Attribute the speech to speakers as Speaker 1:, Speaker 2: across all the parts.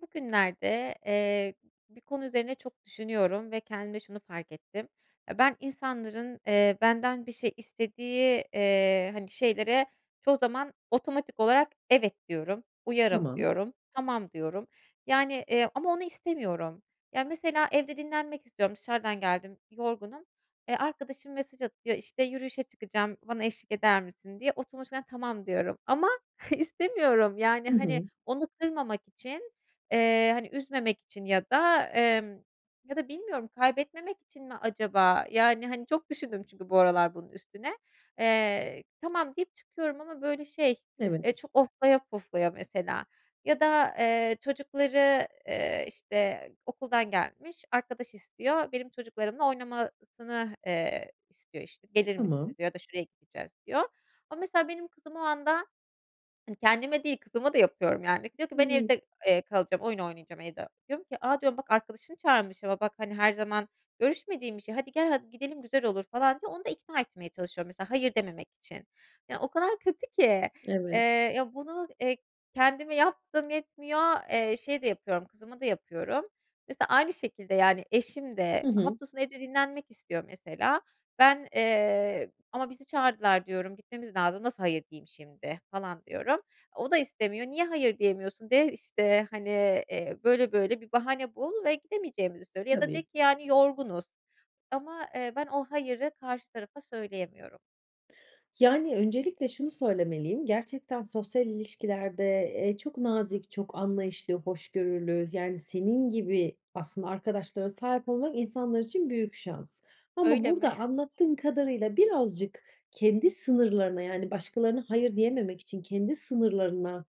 Speaker 1: Bugünlerde, eee, bir konu üzerine çok düşünüyorum ve kendimde şunu fark ettim. Eee, ben insanların, eee, benden bir şey istediği, eee, hani, şeylere çoğu zaman otomatik olarak "Evet." diyorum, "Uyarım."
Speaker 2: Tamam.
Speaker 1: diyorum, "Tamam." diyorum. Yani, eee, ama onu istemiyorum. Ya, mesela evde dinlenmek istiyorum, dışarıdan geldim yorgunum, eee, arkadaşım mesaj atıyor, işte, "Yürüyüşe çıkacağım bana eşlik eder misin?" diye otomatikman "Tamam." diyorum ama istemiyorum yani,
Speaker 2: Hı
Speaker 1: hani,
Speaker 2: hı.
Speaker 1: onu kırmamak için, eee, hani, üzmemek için ya da, emm ya da bilmiyorum kaybetmemek için mi acaba? Yani, hani, çok düşündüm çünkü bu aralar bunun üstüne. Eee, "Tamam." deyip çıkıyorum ama böyle şey, eee,
Speaker 2: Evet.
Speaker 1: çok oflaya puflaya mesela. Ya da, eee, çocukları, eee, işte, okuldan gelmiş, arkadaş istiyor. Benim çocuklarımla oynamasını, eee, istiyor işte. "Gelir misiniz?"
Speaker 2: Tamam.
Speaker 1: diyor ya da "Şuraya gideceğiz." diyor. Ama mesela benim kızım o anda, hani, kendime değil kızıma da yapıyorum yani diyor ki: "Ben
Speaker 2: Hıı.
Speaker 1: evde, eee, kalacağım oyun oynayacağım evde." Diyorum ki, "A!" diyorum, "Bak arkadaşını çağırmış ama bak, hani, her zaman görüşmediğin bir şey. Hadi, gel, hadi, gidelim güzel olur." falan diye onu da ikna etmeye çalışıyorum mesela hayır dememek için. Ya, o kadar kötü ki,
Speaker 2: Evet.
Speaker 1: eee, bunu, eee, kendime yaptığım yetmiyor, eee, şeye de yapıyorum kızıma da yapıyorum. Mesela aynı şekilde, yani, eşim de
Speaker 2: Hı hı.
Speaker 1: hafta sonu evde dinlenmek istiyor mesela. Ben, eee, "Ama bizi çağırdılar." diyorum, "Gitmemiz lazım nasıl hayır diyeyim şimdi?" falan diyorum. O da istemiyor, "Niye hayır diyemiyorsun de, işte, hani, eee, böyle böyle bir bahane bul ve gidemeyeceğimizi söyle. Ya da de
Speaker 2: Tabii.
Speaker 1: ki yani yorgunuz." Ama ben, eee, o hayırı karşı tarafa söyleyemiyorum.
Speaker 2: Yani, öncelikle şunu söylemeliyim. Gerçekten sosyal ilişkilerde, eee, çok nazik, çok anlayışlı, hoşgörülü yani senin gibi aslında arkadaşlara sahip olmak insanlar için büyük şans ama
Speaker 1: Öyle mi?
Speaker 2: burada anlattığın kadarıyla birazcık kendi sınırlarına yani başkalarına "hayır" diyememek için kendi sınırlarına,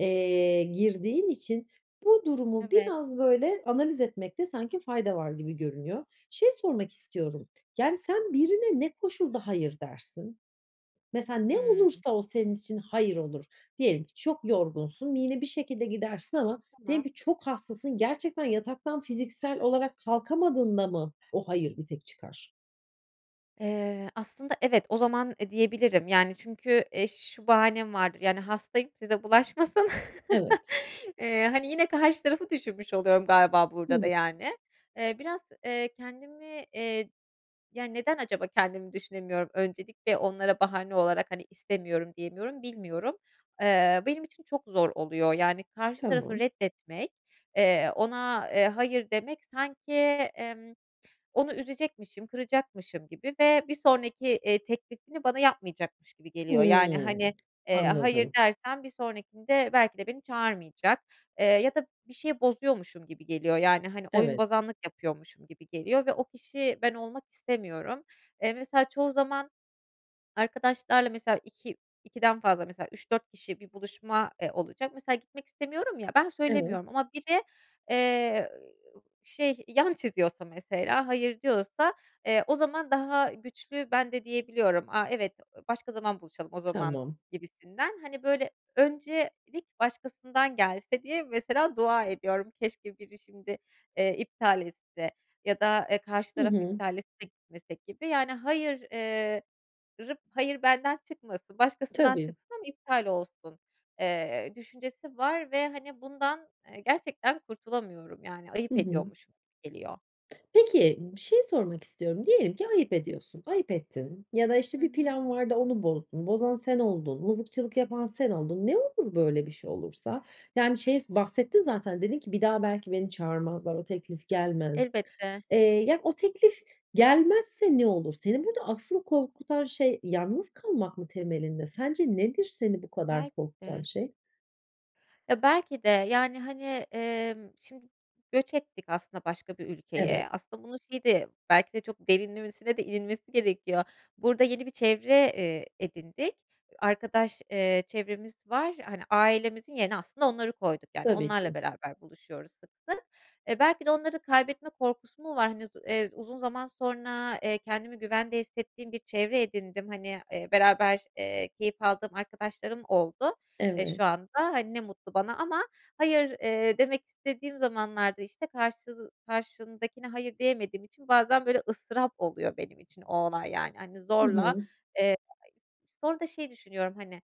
Speaker 2: eee, girdiğin için bu durumu
Speaker 1: Evet.
Speaker 2: biraz böyle analiz etmekte sanki fayda var gibi görünüyor. Şey sormak istiyorum. Yani, sen birine ne koşulda "hayır" dersin? Mesela ne
Speaker 1: Hımm.
Speaker 2: olursa o senin için "hayır" olur? Diyelim ki çok yorgunsun ve yine bir şekilde gidersin ama diyelim
Speaker 1: Tamam
Speaker 2: ki çok hastasın. Gerçekten yataktan fiziksel olarak kalkamadığında mı o "hayır" bir tek çıkar?
Speaker 1: Eee, aslında evet, o zaman, eee, diyebilirim yani çünkü, eee, ş şu bahanem var yani, "Hastayım, size bulaşmasın."
Speaker 2: Evet.
Speaker 1: eee, hani, yine karşı tarafı düşünmüş oluyorum galiba burada da,
Speaker 2: [unintelligible]
Speaker 1: yani. Eee, biraz, eee, kendimi, eee, ya, neden acaba kendimi düşünemiyorum? Öncelikle onlara bahane olarak, hani, "İstemiyorum." diyemiyorum, bilmiyorum. Eee, benim için çok zor oluyor yani karşı tarafı
Speaker 2: Tamam.
Speaker 1: reddetmek, eee, ona, eee, "hayır" demek sanki, emm, onu üzecekmişim, kıracakmışım gibi ve bir sonraki, eee, teklifini bana yapmayacakmış gibi geliyor. Yani, hani,
Speaker 2: Hımm.
Speaker 1: eee, "hayır"
Speaker 2: Anladım.
Speaker 1: dersem bir sonrakinde belki de beni çağırmayacak. Eee, ya da bir şeyi bozuyormuşum gibi geliyor yani, hani,
Speaker 2: Evet.
Speaker 1: oyunbozanlık yapıyormuşum gibi geliyor ve o kişi ben olmak istemiyorum. Eee, mesela çoğu zaman arkadaşlarla mesela iki ikiden fazla mesela 3-4 kişi bir buluşma, eee, olacak; mesela gitmek istemiyorum ya, ben söylemiyorum
Speaker 2: Evet.
Speaker 1: ama biri, eee, ııı, i u şey yan çiziyorsa mesela, "hayır" diyorsa, eee, o zaman daha güçlü ben de diyebiliyorum. "A, evet, başka zaman buluşalım o zaman."
Speaker 2: Tamam.
Speaker 1: gibisinden. Hani, böyle öncelik başkasından gelse diye mesela dua ediyorum. "Keşke biri şimdi, eee, iptal etse ya da, eee, karşı
Speaker 2: Hı
Speaker 1: taraf
Speaker 2: hı.
Speaker 1: iptal etse gitmesek." gibi yani "hayır", eee, rı "hayır" benden çıkmasın, başkasından
Speaker 2: Tabii.
Speaker 1: çıksın, iptal olsun, eee, düşüncesi var ve hani, bundan, eee, gerçekten kurtulamıyorum yani
Speaker 2: Hı
Speaker 1: ayıp
Speaker 2: hı.
Speaker 1: ediyormuşum gibi geliyor.
Speaker 2: Peki, bir şey sormak istiyorum. Diyelim ki ayıp ediyorsun, ayıp ettin ya da, işte,
Speaker 1: Hı
Speaker 2: bir
Speaker 1: hı.
Speaker 2: plan vardı onu bozdun, bozan sen oldun, mızıkçılık yapan sen oldun. Ne olur böyle bir şey olursa? Yani, şeyi s bahsettin zaten dedin ki "Bir daha belki beni çağırmazlar. O teklif gelmez."
Speaker 1: Elbette.
Speaker 2: Eee, ya o teklif gelmezse ne olur? Senin burada aslında korkutan şey yalnız kalmak mı temelinde? Sence nedir seni bu kadar
Speaker 1: Belki
Speaker 2: korkutan
Speaker 1: de.
Speaker 2: şey?
Speaker 1: Ya, belki de, yani, hani, emm, şimdi göç ettik aslında başka bir ülkeye.
Speaker 2: Evet.
Speaker 1: Aslında bunu şey de belki de çok derinlemesine de inilmesi gerekiyor. Burada yeni bir çevre, eee, edindik arkadaş, eee, çevremiz var, hani, ailemizin yerine aslında onları koyduk. Yani,
Speaker 2: Tabii
Speaker 1: onlarla
Speaker 2: ki.
Speaker 1: beraber buluşuyoruz sıklıkla. Eee, belki de onları kaybetme korkusu mu var, hani, uz eee, uzun zaman sonra, eee, kendimi güvende hissettiğim bir çevre edindim. Hani, eee, beraber, eee, keyif aldığım arkadaşlarım oldu, eee,
Speaker 2: Evet.
Speaker 1: şu anda, hani, ne mutlu bana ama hayır, eee, demek istediğim zamanlarda, işte, karşıl karşındakine hayır diyemediğim için bazen böyle ıstırap oluyor benim için o olay yani, hani,
Speaker 2: Hı
Speaker 1: zorla,
Speaker 2: hı.
Speaker 1: eee [unintelligible] sonra da şey düşünüyorum, hani,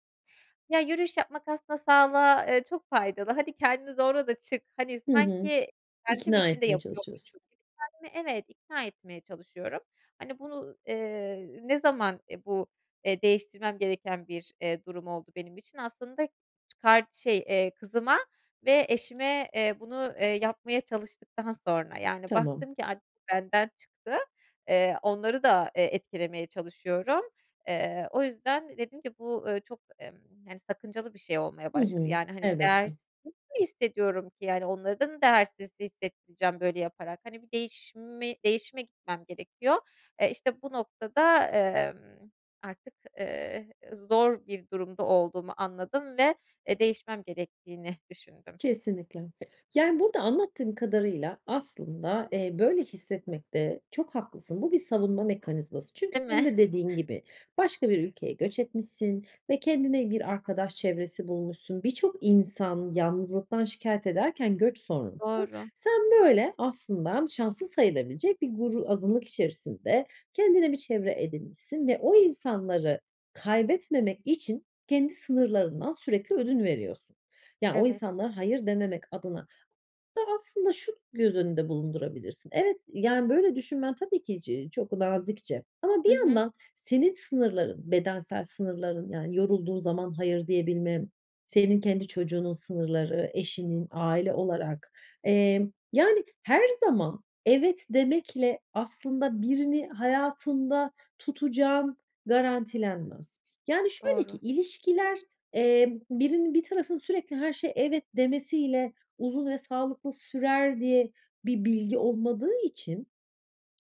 Speaker 1: "Ya, yürüyüş yapmak aslında sağlığa, eee, çok faydalı, hani, kendini zorla da çık." hani,
Speaker 2: Hı hı.
Speaker 1: sanki kendim
Speaker 2: İkna
Speaker 1: için de
Speaker 2: etmeye çalışıyorsun.
Speaker 1: yapıyormuşum gibi. Kendimi evet, ikna etmeye çalışıyorum. Hani, bunu, eee, ne zaman, e, bu, eee, değiştirmem gereken bir, eee, durum oldu benim için? Aslında çıkar şey, eee, kızıma ve eşime, eee, bunu, eee, yapmaya çalıştıktan sonra, yani,
Speaker 2: Tamam.
Speaker 1: baktım ki artık bu benden çıktı, eee, onları da, eee, etkilemeye çalışıyorum. Eee, o yüzden dedim ki bu, ııı, çok emm, hani, sakıncalı bir şey olmaya
Speaker 2: Hı
Speaker 1: başladı
Speaker 2: hı.
Speaker 1: yani, hani,
Speaker 2: Elbette.
Speaker 1: değersiz mi hissediyorum ki, yani, onları da değersiz hissettireceğim böyle yaparak, hani, bir değişimi değişime gitmem gerekiyor, eee, işte bu noktada, ımm, artık, ııı, zor bir durumda olduğumu anladım ve, e, değişmem gerektiğini düşündüm.
Speaker 2: Kesinlikle. Yani burada anlattığın kadarıyla aslında, eee, böyle hissetmekte çok haklısın. Bu bir savunma mekanizması çünkü
Speaker 1: Değil
Speaker 2: senin
Speaker 1: mi?
Speaker 2: de dediğin gibi başka bir ülkeye göç etmişsin ve kendine bir arkadaş çevresi bulmuşsun. Birçok insan yalnızlıktan şikâyet ederken göç sonrası,
Speaker 1: Doğru.
Speaker 2: sen böyle aslında şanslı sayılabilecek bir gru azınlık içerisinde kendine bir çevre edinmişsin ve o insanları kaybetmemek için kendi sınırlarından sürekli ödün veriyorsun. Yani, o
Speaker 1: Evet.
Speaker 2: insanlara hayır dememek adına da aslında şu göz önünde bulundurabilirsin. Evet, yani, böyle düşünmen tabii ki ç çok nazikçe ama
Speaker 1: Hı
Speaker 2: bir
Speaker 1: hı.
Speaker 2: yandan senin sınırların, bedensel sınırların yani yorulduğun zaman hayır diyebilme, senin kendi çocuğunun sınırları, eşinin aile olarak Emm, yani, her zaman evet demekle aslında birini hayatında tutacağın garantilenmez. Yani, şöyle ki
Speaker 1: Doğru.
Speaker 2: ilişkiler, eee, birinin bir tarafının sürekli her şeye evet demesiyle uzun ve sağlıklı sürer diye bir bilgi olmadığı için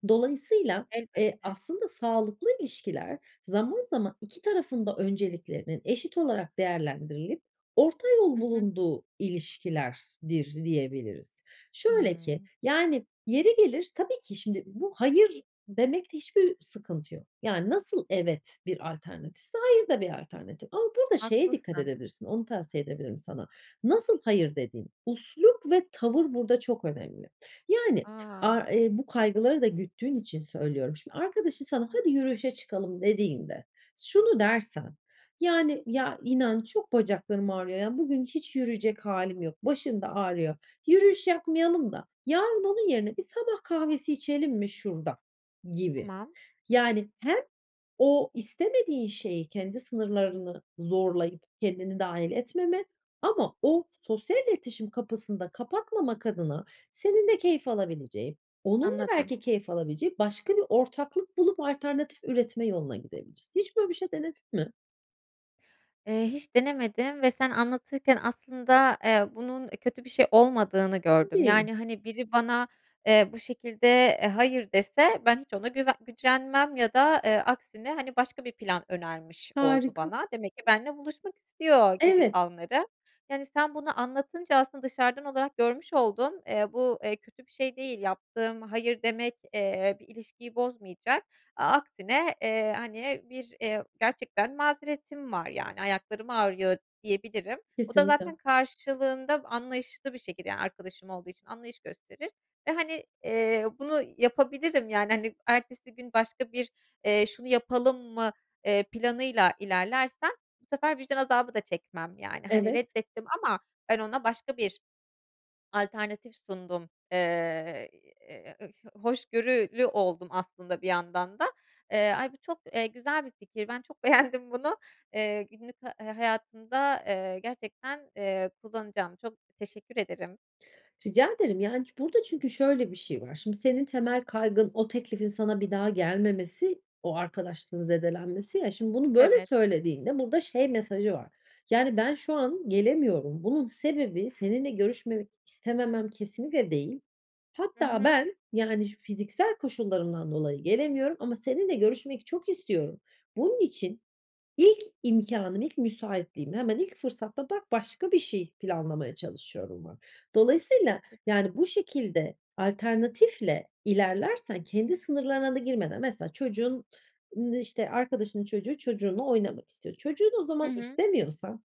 Speaker 2: dolayısıyla, eee,
Speaker 1: Elbette.
Speaker 2: aslında sağlıklı ilişkiler zaman zaman 2 tarafın da önceliklerinin eşit olarak değerlendirilip orta
Speaker 1: Hı
Speaker 2: yol
Speaker 1: hı.
Speaker 2: bulunduğu ilişkilerdir diyebiliriz. Şöyle ki
Speaker 1: Hımm.
Speaker 2: yani yeri gelir tabii ki şimdi bu hayır demekte hiçbir sıkıntı yok. Yani, nasıl evet bir alternatifse hayır da bir alternatif ama burada şeye dikkat
Speaker 1: Haklısın.
Speaker 2: edebilirsin, onu tavsiye edebilirim sana. Nasıl hayır dediğin, üslup ve tavır burada çok önemli. Yani,
Speaker 1: A!
Speaker 2: a e bu kaygıları da güttüğün için söylüyorum. Şimdi arkadaşın sana "Hadi, yürüyüşe çıkalım." dediğinde şunu dersen yani, "Ya, inan çok bacaklarım ağrıyor ya, bugün hiç yürüyecek hâlim yok, başım da ağrıyor, yürüyüş yapmayalım da yarın onun yerine bir sabah kahvesi içelim mi şurada?" gibi.
Speaker 1: Tamam.
Speaker 2: Yani, hem o istemediğin şeyi kendi sınırlarını zorlayıp kendini dâhil etmeme ama o sosyal iletişim kapısını da kapatmamak adına senin de keyif alabileceğin, onun da
Speaker 1: Anladım.
Speaker 2: belki keyif alabilecek başka bir ortaklık bulup alternatif üretme yoluna gidebilirsin. Hiç böyle bir şey denedin mi?
Speaker 1: Eee, hiç denemedim ve sen anlatırken aslında, eee, bunun, e, kötü bir şey olmadığını gördüm.
Speaker 2: Tabii.
Speaker 1: Yani, hani, biri bana, eee, bu şekilde, eee, hayır dese ben hiç ona güve gücenmem ya da, eee, aksine, hani, başka bir plan önermiş oldu
Speaker 2: Harika.
Speaker 1: bana, demek ki benimle buluşmak istiyor gibi
Speaker 2: Evet.
Speaker 1: anlarım. Yani sen bunu anlatınca aslında dışarıdan olarak görmüş oldum. Eee, bu, eee, kötü bir şey değil. Yaptığım hayır demek, eee, bir ilişkiyi bozmayacak a aksine, eee, hani, bir, eee, gerçekten mazeretim var yani ayaklarım ağrıyor diyebilirim o da
Speaker 2: Kesinlikle.
Speaker 1: zaten karşılığında anlayışlı bir şekilde yani arkadaşım olduğu için anlayış gösterir. E, hani, eee, bunu yapabilirim, yani, hani, ertesi gün başka bir, eee, şunu yapalım mı, eee, planıyla ilerlersem bu sefer vicdan azabı da çekmem yani, hani,
Speaker 2: Evet.
Speaker 1: reddettim ama ben ona başka bir alternatif sundum. Eee, iii, eee, ı hoşgörülü oldum aslında bir yandan da. Eee, ay, bu çok, eee, güzel bir fikir. Ben çok beğendim bunu. Eee, günlük ha hayatımda, eee, gerçekten, eee, kullanacağım. Çok teşekkür ederim.
Speaker 2: Rica ederim. Yani ç burada çünkü şöyle bir şey var. Şimdi, senin temel kaygın o teklifin sana bir daha gelmemesi, o arkadaşlığın zedelenmesi, ya, şimdi bunu böyle
Speaker 1: Evet.
Speaker 2: söylediğinde burada şey mesajı var: Yani, "Ben şu an gelemiyorum. Bunun sebebi seninle görüşmemek istememem kesinlikle değil.
Speaker 1: Hı
Speaker 2: Hatta
Speaker 1: hı.
Speaker 2: ben, yani, şu fiziksel koşullarımdan dolayı gelemiyorum ama seninle görüşmek çok istiyorum. Bunun için ilk imkânım, ilk müsaitliğim, hemen ilk fırsatta; bak, başka bir şey planlamaya çalışıyorum." var. Dolayısıyla
Speaker 1: Çok güzel.
Speaker 2: yani bu şekilde alternatifle ilerlersen kendi sınırlarına da girmeden Mesela çocuğun ın işte, arkadaşının çocuğu çocuğunla oynamak istiyor. Çocuğun o
Speaker 1: Hı
Speaker 2: zaman
Speaker 1: hı.
Speaker 2: istemiyorsan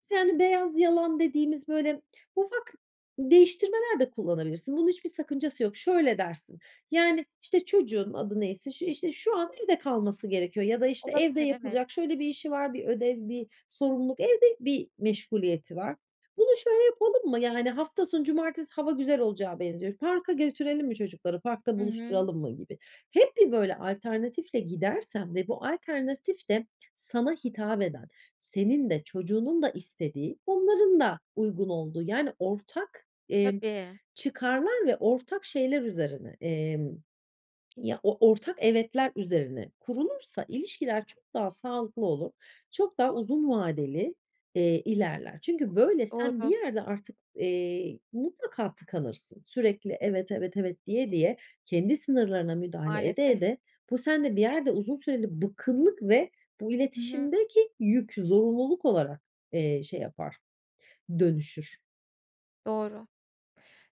Speaker 2: sen beyaz yalan dediğimiz böyle ufak değiştirmeler de kullanabilirsin. Bunun hiçbir sakıncası yok. Şöyle dersin: Yani, işte, çocuğun adı neyse, ş işte, "Şu an evde kalması gerekiyor ya da, işte, evde
Speaker 1: Olabilir, evet.
Speaker 2: yapılacak şöyle bir işi var, bir ödev, bir sorumluluk, evde bir meşguliyeti var. Bunu şöyle yapalım mı? Yani, hafta sonu cumartesi hava güzel olacağa benziyor. Parka götürelim mi çocukları? Parkta
Speaker 1: Hı hı.
Speaker 2: buluşturalım mı?" gibi. Hep bir böyle alternatifle gidersen ve bu alternatif de sana hitap eden, senin de çocuğunun da istediği, onların da uygun olduğu yani ortak, emm,
Speaker 1: Tabii.
Speaker 2: çıkarlar ve ortak şeyler üzerine, emm, ya, o ortak, "evetler" üzerine kurulursa ilişkiler çok daha sağlıklı olur. Çok daha uzun vadeli, eee, ilerler. Çünkü böyle sen bir
Speaker 1: Doğru.
Speaker 2: yerde artık, eee, mutlaka tıkanırsın. Sürekli, "Evet, evet, evet." diye diye, kendi sınırlarına müdahale ede
Speaker 1: Maalesef.
Speaker 2: ede bu sende bir yerde uzun süreli bıkkınlık ve bu
Speaker 1: Hı hı.
Speaker 2: iletişimdeki yük, zorunluluk olarak, eee, şey yapar, dönüşür.
Speaker 1: Doğru.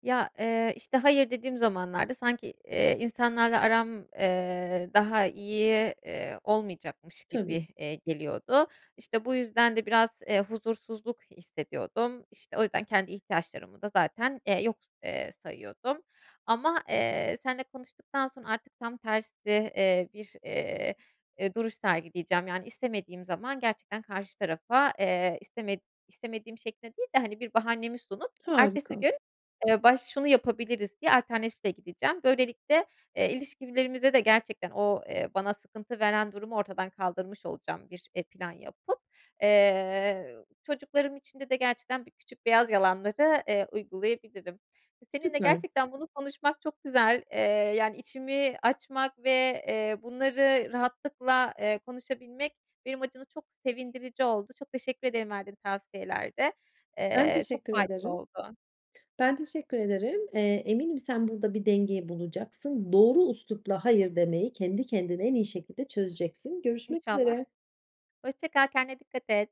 Speaker 1: Ya, eee, işte hayır dediğim zamanlarda sanki, eee, insanlarla aram, eee, daha iyi, eee, olmayacakmış gibi,
Speaker 2: Tabii.
Speaker 1: eee, geliyordu. İşte, bu yüzden de biraz, eee, huzursuzluk hissediyordum. İşte, o yüzden kendi ihtiyaçlarımı da zaten, eee, yok, eee, sayıyordum ama, eee, seninle konuştuktan sonra artık tam tersi, eee, bir, eee, eee, duruş sergileyeceğim. Yani, istemediğim zaman gerçekten karşı tarafa, eee, isteme istemediğim şeklinde değil de, hani, bir bahanemi sunup ertesi
Speaker 2: Harika.
Speaker 1: gün, eee, baş şunu yapabiliriz diye alternatifle gideceğim. Böylelikle, eee, ilişkilerimize de gerçekten o, eee, bana sıkıntı veren durumu ortadan kaldırmış olacağım bir, eee, plan yapıp. Eee, çocuklarım içinde de gerçekten bir küçük beyaz yalanları, eee, uygulayabilirim. Seninle
Speaker 2: Süper.
Speaker 1: gerçekten bunu konuşmak çok güzel, eee, yani içimi açmak ve, eee, bunları rahatlıkla, eee, konuşabilmek benim açımdan çok sevindirici oldu. Çok teşekkür ederim verdiğin tavsiyelerde.
Speaker 2: Ben
Speaker 1: Eee, çok
Speaker 2: teşekkür
Speaker 1: faydalı
Speaker 2: ederim.
Speaker 1: oldu.
Speaker 2: Ben teşekkür ederim. Eee, eminim sen burada bir denge bulacaksın. Doğru üslupla hayır demeyi kendi kendine en iyi şekilde çözeceksin. Görüşmek
Speaker 1: İnşallah.
Speaker 2: üzere.
Speaker 1: Hoşça kal, kendine dikkat et.